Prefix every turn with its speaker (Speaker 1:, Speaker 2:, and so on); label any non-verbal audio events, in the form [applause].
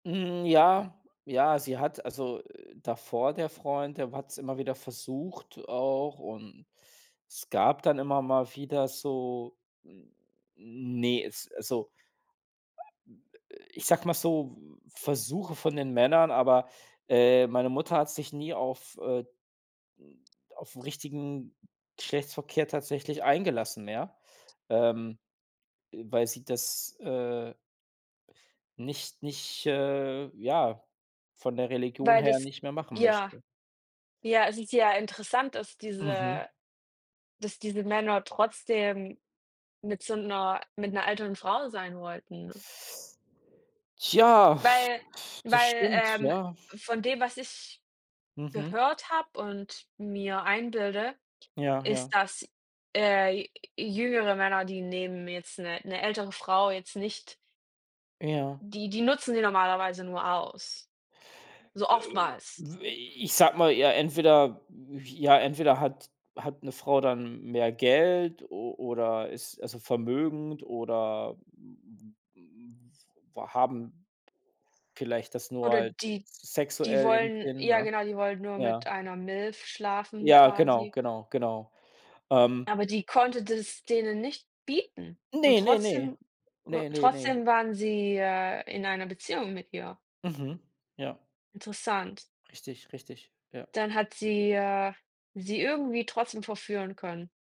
Speaker 1: Hm, ja ja, sie hat also, äh, davor der Freund, der hat's immer wieder versucht auch und es gab dann immer mal wieder so n ne, es, also ich sage mal so, V Versuche von den Männern, aber, äh, meine Mutter hat sich nie auf, äh, hm auf 'n richtigen Geschlechtsverkehr tatsächlich eingelassen, ja, ähm, äh, weil sie das, äh nicht nicht, äh, ja von der Religion
Speaker 2: Weil
Speaker 1: her
Speaker 2: das
Speaker 1: nicht mehr machen
Speaker 2: ja,
Speaker 1: möchte.
Speaker 2: ja si sehr interessant dass,
Speaker 1: Mhm.
Speaker 2: diese dass diese Männer trotzdem mit so 'ner mit 'ner älteren Frau sein wollten.
Speaker 1: Tja,
Speaker 2: Weil
Speaker 1: das
Speaker 2: weil,
Speaker 1: stimmt
Speaker 2: ähm,
Speaker 1: ja.
Speaker 2: von dem, was ich
Speaker 1: Mhm.
Speaker 2: gehört habe und mir einbilde,
Speaker 1: Ja, ja.
Speaker 2: ist, dass, äh, j jüngere Männer, die nehmen jetzt 'ne 'ne ältere Frau jetzt nicht
Speaker 1: Ja.
Speaker 2: die die nutzen sie normalerweise nur aus, so
Speaker 1: Äh,
Speaker 2: oftmals.
Speaker 1: w äh, ich sage mal, ja entweder ja entweder hat hat 'ne Frau dann mehr Geld o oder ist also vermögend oder, [unintelligible] war haben vielleicht das nur
Speaker 2: Oder
Speaker 1: halt
Speaker 2: die
Speaker 1: s
Speaker 2: die
Speaker 1: sexuell im
Speaker 2: wollen
Speaker 1: Sinn,
Speaker 2: ja
Speaker 1: ne?
Speaker 2: genau, die wollen nur
Speaker 1: Ja.
Speaker 2: mit einer Milf schlafen
Speaker 1: Ja, genau,
Speaker 2: quasi.
Speaker 1: genau, genau, ähm.
Speaker 2: Aber die konnte das denen nicht bieten und
Speaker 1: Ne, ne, ne.
Speaker 2: trotzdem u
Speaker 1: Ne, ne, ne.
Speaker 2: trotzdem waren sie, äh, in einer Beziehung mit ihr.
Speaker 1: Mhm. Ja.
Speaker 2: Interessant.
Speaker 1: Richtig, richtig, ja.
Speaker 2: Dann hat sie, äh, sie irgendwie trotzdem verführen können.